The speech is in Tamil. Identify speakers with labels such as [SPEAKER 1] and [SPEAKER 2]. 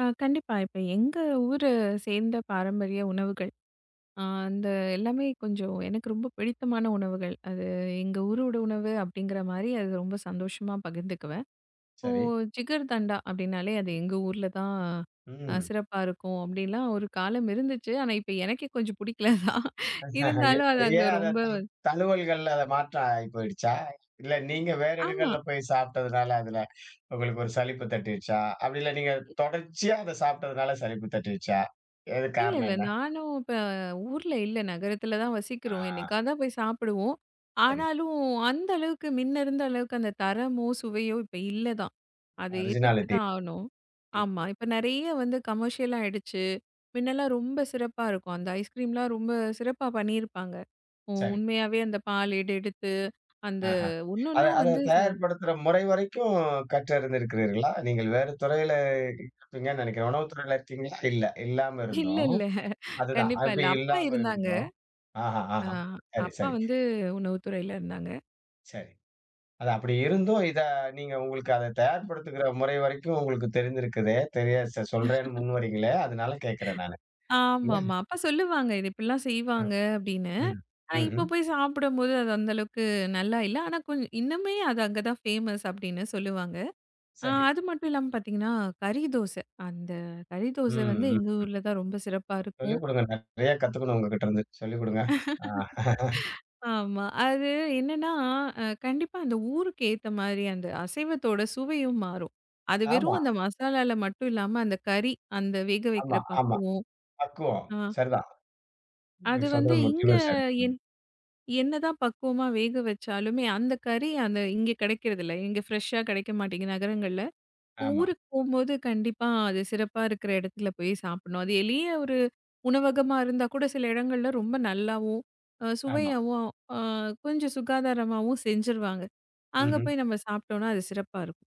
[SPEAKER 1] அ கண்டிப்பா. இப்ப எங்க ஊரு சேர்ந்த பாரம்பரிய உணவுகள், அ அந்த எல்லாமே கொஞ்சம் எனக்கு ரொம்ப பிடித்தமான உணவுகள். அது எங்க ஊரோட உணவு அப்டிங்கற மாரி அது ரொம்ப சந்தோஷமா பகிர்ந்துக்குவேன். இப்போ
[SPEAKER 2] சரி.
[SPEAKER 1] ஜிகர்தண்டா அப்டின்னாலே அது எங்க ஊர்ல தான் அ
[SPEAKER 2] ம்.
[SPEAKER 1] சிறப்பா இருக்கும் அப்டிலாம் ஒரு காலம் இருந்துச்சு. ஆனா, இப்ப எனக்கே கொஞ்சம் புடிக்கல தான். இருந்தாலும் அது அங்க
[SPEAKER 2] ஏன் அத
[SPEAKER 1] ரொம்ப
[SPEAKER 2] த
[SPEAKER 1] வந்
[SPEAKER 2] தழுவல்கள்ல அத மாற்ற ஆயிப்போயிடுச்சா? இல்ல நீங்க வேற
[SPEAKER 1] ஆமா.
[SPEAKER 2] இடங்கள்ல போய் சாப்டதுனால அதுல உங்களுக்கு ஒரு சலிப்பு தட்டிடுச்சா? அப்டில்ல நீங்கத் தொடர்ச்சியா அத சாப்டதுனால சலிப்பு தட்டிடுச்சா? எதுக்
[SPEAKER 1] இல்ல
[SPEAKER 2] காரணம்
[SPEAKER 1] இல்ல.
[SPEAKER 2] என்ன?
[SPEAKER 1] நானும் ப ஊர்ல இல்ல. நகரத்துல தான் வசிக்குறோம்.
[SPEAKER 2] ஆ.
[SPEAKER 1] என்னைக்காத்தான் போய் சாப்பிடுவோம்.
[SPEAKER 2] சரி.
[SPEAKER 1] ஆனாலும் அந்தளவுக்கு மின்னருந்த அளவுக்கு அந்தத் தரமோ, சுவையோ இப்ப இல்ல தான். அத ஏத்துக்குட்டு
[SPEAKER 2] ஒரிஜினாலிட்டி
[SPEAKER 1] தான் ஆகணும்.
[SPEAKER 2] ம்.
[SPEAKER 1] ஆமா. இப்ப நெறைய வந்து கமர்சியல்லாயிடுச்சு மின்னலா ரொம்ப சிறப்பா இருக்கும். அந்த ஐஸ் கிரீம்லாம் ரொம்ப சிறப்பா பண்ணிருப்பாங்க. உ
[SPEAKER 2] சரி.
[SPEAKER 1] உண்மையாவே அந்தப் பால் ஏடு எடுத்து, அந்த
[SPEAKER 2] ஆஹ. அத
[SPEAKER 1] ஒன்னொன்னும் வந்து
[SPEAKER 2] அதத்
[SPEAKER 1] ச
[SPEAKER 2] தயார்ப்படுத்துற முறை வரைக்கும் கற்று அருந்திருக்கிறீர்களா? நீங்கள் வேற துறையில இருப்பீங்கன்னு நினைக்கிறேன். உணவு துறையில இருக்கீங்களா? இல்ல இல்லாம
[SPEAKER 1] இல்ல
[SPEAKER 2] இருந்தும்.
[SPEAKER 1] இல்ல.
[SPEAKER 2] அதுதான்
[SPEAKER 1] கண்டிப்பா இல்ல.
[SPEAKER 2] அப்டி
[SPEAKER 1] அப்பா
[SPEAKER 2] இல்லாம
[SPEAKER 1] இருந்தாங்க.
[SPEAKER 2] இருந்தும். ஆஹா!
[SPEAKER 1] அ
[SPEAKER 2] ஆஹா! சரி
[SPEAKER 1] அப்பா
[SPEAKER 2] சரி.
[SPEAKER 1] வந்து உணவு துறையில இருந்தாங்க.
[SPEAKER 2] சரி. அது அப்டி இருந்தும். இத நீங்க உங்களுக்கு அத தயார்
[SPEAKER 1] ம்.
[SPEAKER 2] படுத்துற முறைவரைக்கும் உங்களுக்குத் தெரிந்திருக்குதே தெரியா ச சொல்றேன்னு முன்வரீங்கில்லயா அதனால கேக்குறேன் நானு. இடே
[SPEAKER 1] ஆமாமா அப்பா சொல்லுவாங்க. இத இப்டிலாம்
[SPEAKER 2] ம்
[SPEAKER 1] செய்வாங்க அப்டின்னு.
[SPEAKER 2] ம்,
[SPEAKER 1] ஆனா இப்ப
[SPEAKER 2] ம்ஹும்.
[SPEAKER 1] போய் சாப்டும்போது அது அந்த அளவுக்கு நல்லா இல்ல. ஆனா கொஞ் இன்னுமே அது அங்க தான் ஃபேமஸ் அப்டின்னு சொல்லுவாங்க.
[SPEAKER 2] சரி.
[SPEAKER 1] அது மட்டுமில்லாம பாத்தீங்கன்னா கறி தோசை. அந்த கறி
[SPEAKER 2] ம்.
[SPEAKER 1] தோசை வந்து எங்க
[SPEAKER 2] ம்.
[SPEAKER 1] ஊர்ல தான் ரொம்ப சிறப்பா இருக்கும்.
[SPEAKER 2] சொல்லிக் குடுங்கண்ண. நிறைய கத்துக்கணும் உங்ககிட்ட இருந்து. சொல்லிக் குடுங்க. ஆ.
[SPEAKER 1] ஆமா. அது என்னன்னா அ கண்டிப்பா அந்த ஊருக்கேத்த மாரி அந்த அசைவத்தோட சுவையும் மாறும். அது வெறும்
[SPEAKER 2] ஆமா.
[SPEAKER 1] அந்த மசாலால மட்டும் இல்லாம அந்தக் கறி, அந்த
[SPEAKER 2] ஆமா
[SPEAKER 1] வேகவைக்கிற
[SPEAKER 2] ஆமா.
[SPEAKER 1] பக்குவொம்
[SPEAKER 2] பக்குவம்.
[SPEAKER 1] அ.
[SPEAKER 2] சரிதான். நீ
[SPEAKER 1] அது வந்து
[SPEAKER 2] சொல்றது
[SPEAKER 1] இங்க
[SPEAKER 2] முற்றிலும் சரி.
[SPEAKER 1] என் என்னதான் பக்குவமா வேக வச்சாலுமே அந்தக் கறி அத இங்க கிடைக்கறதில்ல. இங்க ஃபிரெஷ் அ கிடைக்க மாட்டேங்கிது நகரங்கள்ல.
[SPEAKER 2] ஆமா.
[SPEAKER 1] ஊருக்குப் போம்போது கண்டிப்பா அது சிறப்பா இருக்குற இடத்துல போய் சாப்புட்ணும். அது எளிய ஒரு உணவகமா இருந்தா கூட சில இடங்கள்ல ரொம்ப நல்லாவும்,
[SPEAKER 2] ஆமா.
[SPEAKER 1] சுவையாகவும், அ கொஞ்ச சுகாதாரமாகவும் செஞ்சிருவாங்க. அங்க
[SPEAKER 2] ம்ஹும்.
[SPEAKER 1] போய் நாம சாப்டோனா அது சிறப்பா இருக்கும்.